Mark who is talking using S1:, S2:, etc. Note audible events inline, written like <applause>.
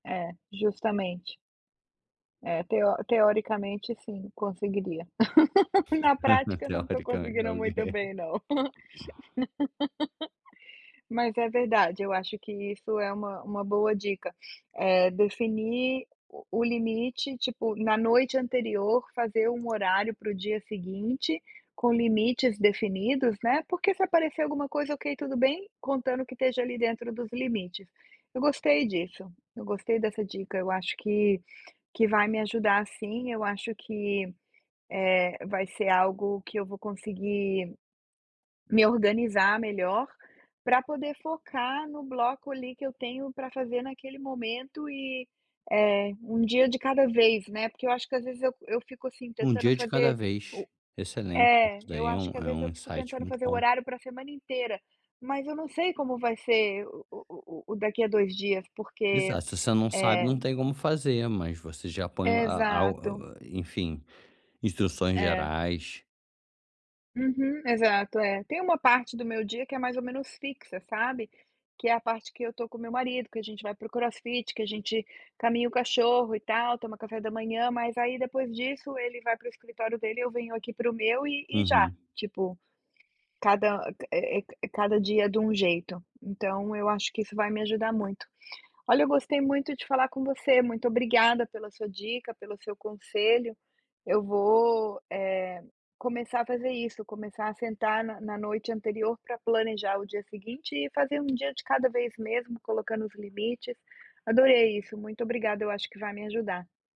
S1: É, justamente. É, teo teoricamente sim, conseguiria. <laughs> Na
S2: <laughs>
S1: prática não tô
S2: Teoricamen
S1: conseguindo muito
S2: alguém.
S1: bem não. <laughs> Mas é verdade, eu acho que isso é uma uma boa dica, eh, definir o o limite, tipo, na noite anterior fazer um horário para o dia seguinte com limites definidos, né. Porque se aparecer alguma coisa, ok, tudo bem, contando que esteja ali dentro dos limites. Eu gostei disso, eu gostei dessa dica. Eu acho que que vai me ajudar sim, eu acho que, eh, vai ser algo que eu vou conseguir me organizar melhor pra poder focar no bloco ali que eu tenho pra fazer naquele momento e, eh, um dia de cada vez, né. Porque eu acho que às vezes eu eu fico, assim,
S2: Um
S1: tentando
S2: dia de cada
S1: fazer
S2: vez.
S1: o
S2: Excelente, isso
S1: é, eu
S2: daí é um
S1: acho que às
S2: é
S1: vezes
S2: um
S1: eu fico
S2: insight
S1: tentando
S2: muito
S1: fazer o
S2: bom.
S1: horário pra semana inteira, mas eu não sei como vai ser o o o daqui a 2 dias, porque,
S2: Exato, se você não sabe
S1: eh
S2: não tem como fazer, mas você já apanhou a a u
S1: Exato.
S2: u enfim, instruções
S1: É.
S2: gerais.
S1: Uhum, exato, é. Tem uma parte do meu dia que é mais ou menos fixa, sabe, que é a parte que eu tô com o meu marido, que a gente vai pro crossfit, que a gente caminha o cachorro e tal, toma café da manhã. Mas aí depois disso ele vai para o escritório dele e eu venho aqui para o meu e e já,
S2: Uhum.
S1: tipo, cada, eh eh, c cada dia de um jeito, então eu acho que isso vai me ajudar muito. Olha, eu gostei muito de falar com você, muito obrigada pela sua dica, pelo seu conselho. Eu vou, eh, começar a fazer isso, começar a sentar na na noite anterior pra planejar o dia seguinte e fazer um dia de cada vez mesmo, colocando os limites. Adorei isso, muito obrigada, eu acho que vai me ajudar.